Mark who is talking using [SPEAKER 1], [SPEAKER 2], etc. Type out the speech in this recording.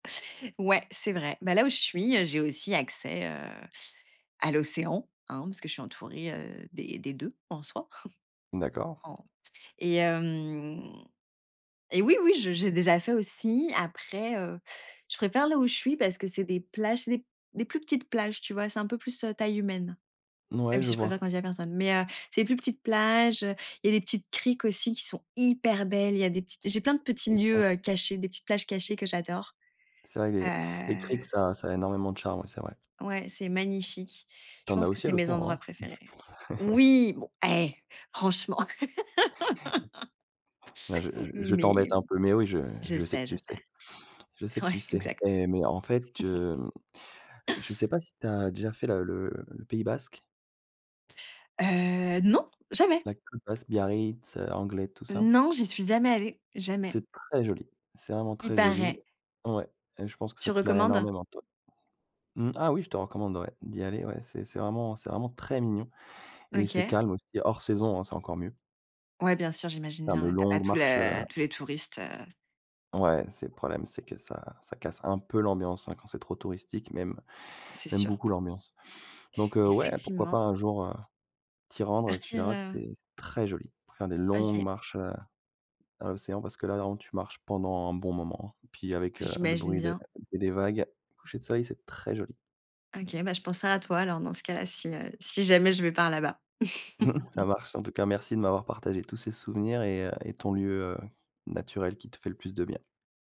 [SPEAKER 1] Ouais, c'est vrai. Bah, là où je suis, heu, j'ai aussi accès, heu, à l'océan, hein, parce que je suis entourée, heu, des des 2 en soi.
[SPEAKER 2] D'accord.
[SPEAKER 1] En s et hem, et oui, oui, je j'ai déjà fait aussi. Après, heu, je préfère là où je suis, parce que c'est des plages, c'est des plus petites plages, tu vois? C'est un peu plus, heu, taille humaine. Même
[SPEAKER 2] Ouais, je
[SPEAKER 1] si je
[SPEAKER 2] vois.
[SPEAKER 1] préfère quand il y a q personne, mais heu, c'est plus petite plage, heu, et les petites criques aussi, qui sont hyper belles. Il y a des petites j'ai plein de petits
[SPEAKER 2] C'est ça.
[SPEAKER 1] lieux, heu, cachés, des petites plages cachées que j'adore,
[SPEAKER 2] C'est vrai,
[SPEAKER 1] heu
[SPEAKER 2] les les criques, ça ça a énormément de charme. Ouais, c'est vrai.
[SPEAKER 1] Ouais, c'est magnifique. Je
[SPEAKER 2] Tu en as
[SPEAKER 1] pense que
[SPEAKER 2] aussi à
[SPEAKER 1] c'est mes endroits
[SPEAKER 2] l'océan.
[SPEAKER 1] préférés. Oui! Bon eh! Franchement!
[SPEAKER 2] Non, je je
[SPEAKER 1] Mais.
[SPEAKER 2] t'embête un peu, mais oui je
[SPEAKER 1] Je
[SPEAKER 2] je sais que
[SPEAKER 1] sais je
[SPEAKER 2] tu sais.
[SPEAKER 1] sais.
[SPEAKER 2] Je sais que tu
[SPEAKER 1] Ouais.
[SPEAKER 2] sais,
[SPEAKER 1] Exact.
[SPEAKER 2] mais- mais en fait, heu, je sais pas si tu as déjà fait la le le pays basque?
[SPEAKER 1] Heu, non, jamais!
[SPEAKER 2] La côte basque. Biarritz, Anglet, tout ça.
[SPEAKER 1] Non, j'y suis jamais allée. Jamais.
[SPEAKER 2] C'est très joli, c'est vraiment
[SPEAKER 1] Il
[SPEAKER 2] très joli!
[SPEAKER 1] paraît.
[SPEAKER 2] Ouais, je pense que
[SPEAKER 1] Tu
[SPEAKER 2] ça te plaîrait
[SPEAKER 1] recommandes?
[SPEAKER 2] énormément, toi mmh, ah oui, je te recommande ouais, d'y aller. Ouais, c'est c'est vraiment c'est vraiment très mignon, et c'est
[SPEAKER 1] OK.
[SPEAKER 2] calme aussi hors saison. C'est encore mieux.
[SPEAKER 1] Ouais, bien sûr, j'imagine
[SPEAKER 2] Faire de
[SPEAKER 1] bien. Tu as pas
[SPEAKER 2] longues
[SPEAKER 1] tous
[SPEAKER 2] marches, heu
[SPEAKER 1] le tous les touristes, heu
[SPEAKER 2] Ouais c'est le problème, c'est que ça ça casse un peu l'ambiance hein quand c'est trop touristique, même
[SPEAKER 1] C'est
[SPEAKER 2] même
[SPEAKER 1] sûr.
[SPEAKER 2] beaucoup l'ambiance, donc heu, ouais, pourquoi pas
[SPEAKER 1] Effectivement.
[SPEAKER 2] un jour, heu, t'y rendre? Tu
[SPEAKER 1] Partir,
[SPEAKER 2] verras que
[SPEAKER 1] heu
[SPEAKER 2] c'est très joli. Pour faire des longues
[SPEAKER 1] OK.
[SPEAKER 2] marches, heu, à l'océan, parce que là en tu marches pendant un bon moment, puis avec le
[SPEAKER 1] J'imagine
[SPEAKER 2] bruit de
[SPEAKER 1] bien.
[SPEAKER 2] des vagues, coucher de soleil c'est très joli.
[SPEAKER 1] OK, bah, je penserai à toi, alors, dans ce cas-là, si, heu, si jamais je vais par là-bas.
[SPEAKER 2] Ça marche! En tout cas, merci de m'avoir partagé tous ces souvenirs et heu, et ton lieu, heu, naturel qui te fait le plus de bien.